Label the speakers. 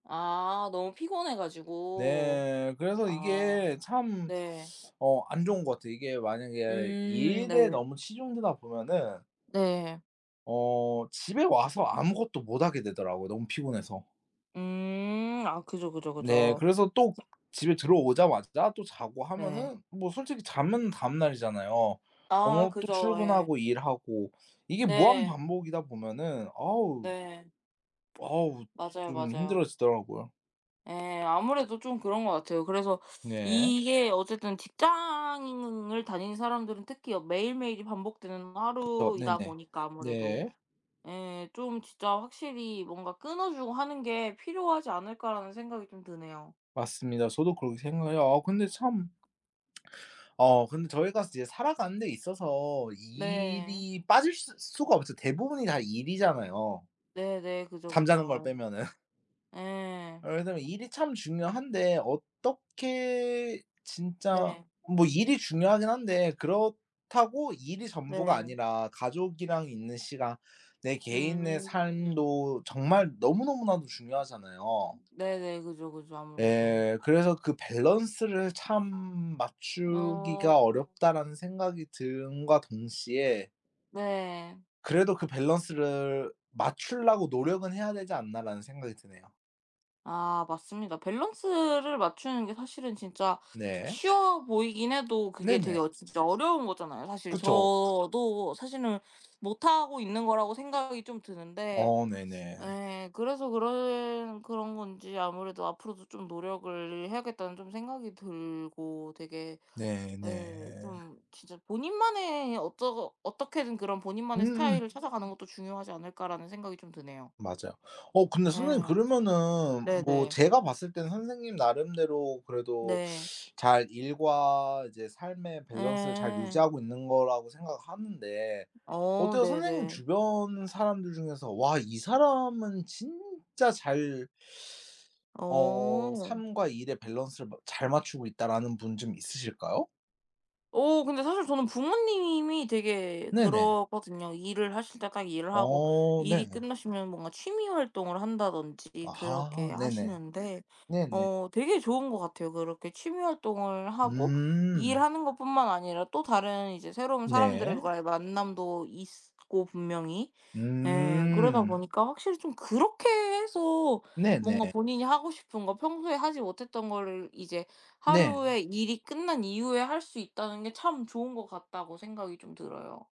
Speaker 1: 아 너무 피곤해 가지고.
Speaker 2: 네. 그래서
Speaker 1: 아.
Speaker 2: 이게 참
Speaker 1: 네.
Speaker 2: 어 안 좋은 것 같아요. 이게 만약에
Speaker 1: 음.
Speaker 2: 일에
Speaker 1: 네.
Speaker 2: 너무 치중되다 보면은
Speaker 1: 네.
Speaker 2: 어 집에 와서 아무것도 못 하게 되더라고요 너무 피곤해서.
Speaker 1: 음. 아 그죠, 그죠,
Speaker 2: 네.
Speaker 1: 그죠.
Speaker 2: 그래서 또 집에 들어오자마자 또 자고
Speaker 1: 네.
Speaker 2: 하면은 뭐 솔직히 자면 다음 날이잖아요.
Speaker 1: 아.
Speaker 2: 어 또
Speaker 1: 그죠. 예.
Speaker 2: 출근하고 일하고 이게 무한
Speaker 1: 네.
Speaker 2: 반복이다 보면은 어으.
Speaker 1: 네.
Speaker 2: 어우.
Speaker 1: 맞아요,
Speaker 2: 좀
Speaker 1: 맞아요.
Speaker 2: 힘들어지더라고요.
Speaker 1: 예. 아무래도 좀 그런 것 같아요. 그래서
Speaker 2: 네.
Speaker 1: 이게 어쨌든 직장을 다니는 사람들은 특히 매일매일이 반복되는
Speaker 2: 그렇죠.
Speaker 1: 하루이다
Speaker 2: 네네.
Speaker 1: 보니까 아무래도.
Speaker 2: 네.
Speaker 1: 예. 좀 진짜 확실히 '뭔가 끊어주고 하는 게 필요하지 않을까.'라는 생각이 좀 드네요.
Speaker 2: 맞습니다. 저도 그렇게 생각해요. 아 근데 참 어 근데 저희가 이제 살아가는 데 있어서
Speaker 1: 네.
Speaker 2: 일이 빠질 수 수가 없죠. 대부분이 다 일이잖아요.
Speaker 1: 네네. 그죠,
Speaker 2: 잠자는 걸
Speaker 1: 그죠.
Speaker 2: 빼면은.
Speaker 1: 예. 예.
Speaker 2: 예. 그래서 일이 참 중요한데 어떻게 진짜
Speaker 1: 네.
Speaker 2: 뭐 일이 중요하긴 한데 그렇다고 일이 전부가
Speaker 1: 네.
Speaker 2: 아니라 가족이랑 있는 시간 내 개인의
Speaker 1: 음.
Speaker 2: 삶도 정말 너무 너무나도 중요하잖아요.
Speaker 1: 네네. 그죠, 그죠. 아무래도.
Speaker 2: 예. 그래서 그 '밸런스를 참 맞추기가
Speaker 1: 어.
Speaker 2: 어렵다.'라는 생각이 듬과 동시에
Speaker 1: 네.
Speaker 2: '그래도 그 밸런스를 맞추려고 노력은 해야 되지 않나.'라는 생각이 드네요.
Speaker 1: 아 맞습니다. 밸런스를 맞추는 게 사실은 진짜
Speaker 2: 네.
Speaker 1: 쉬워 보이긴 해도 그게 되게
Speaker 2: 네네.
Speaker 1: 어 진짜 어려운 거잖아요 사실.
Speaker 2: 그쵸.
Speaker 1: 저도 사실은 못하고 있는 거라고 생각이 좀 드는데.
Speaker 2: 어. 네네.
Speaker 1: 예. 그래서 그런 그런 건지 아무래도 '앞으로도 좀 노력을 해야겠다.'는 좀 생각이 들고 되게
Speaker 2: 네 네.
Speaker 1: 예. 좀 진짜 본인만의 어쩌 어떻게든 그런 '본인만의
Speaker 2: 음음.
Speaker 1: 스타일을 찾아가는 것도 중요하지 않을까.'라는 생각이 좀 드네요.
Speaker 2: 맞아요. 어 근데 선생님
Speaker 1: 예.
Speaker 2: 그러면은 뭐
Speaker 1: 네네.
Speaker 2: 제가 봤을 때는 선생님 나름대로 그래도
Speaker 1: 네.
Speaker 2: 잘 일과 이제 삶의
Speaker 1: 예
Speaker 2: 밸런스를 잘
Speaker 1: 예.
Speaker 2: 유지하고 있는 거라고 생각하는데
Speaker 1: 어
Speaker 2: 어때요? 선생님
Speaker 1: 네네.
Speaker 2: 주변 사람들 중에서 '와 이 사람은 진짜 잘 어
Speaker 1: 어.
Speaker 2: 삶과 일의 밸런스를 마 잘 맞추고 있다.'라는 분 좀 있으실까요?
Speaker 1: 어. 근데 사실 저는 부모님이 되게
Speaker 2: 네네.
Speaker 1: 그러거든요. 일을 하실 때 딱 일을 하고
Speaker 2: 어.
Speaker 1: 일이
Speaker 2: 네네.
Speaker 1: 끝나시면 뭔가 취미 활동을 한다든지 그렇게
Speaker 2: 아하. 네네.
Speaker 1: 하시는데
Speaker 2: 네네.
Speaker 1: 어 되게 좋은 것 같아요. 그렇게 취미 활동을 하고
Speaker 2: 음.
Speaker 1: 일하는 것뿐만 아니라 또 다른 이제 새로운
Speaker 2: 네.
Speaker 1: 사람들과의 만남도 있고 분명히. 예. 그러다
Speaker 2: 음.
Speaker 1: 보니까 확실히 좀 그렇게 해서 뭔가
Speaker 2: 네네.
Speaker 1: 본인이 하고 싶은 거 평소에 하지 못했던 거를 이제 하루에
Speaker 2: 네.
Speaker 1: 일이 끝난 이후에 할 수 있다는 게 참 좋은 것 같다고 생각이 좀 들어요.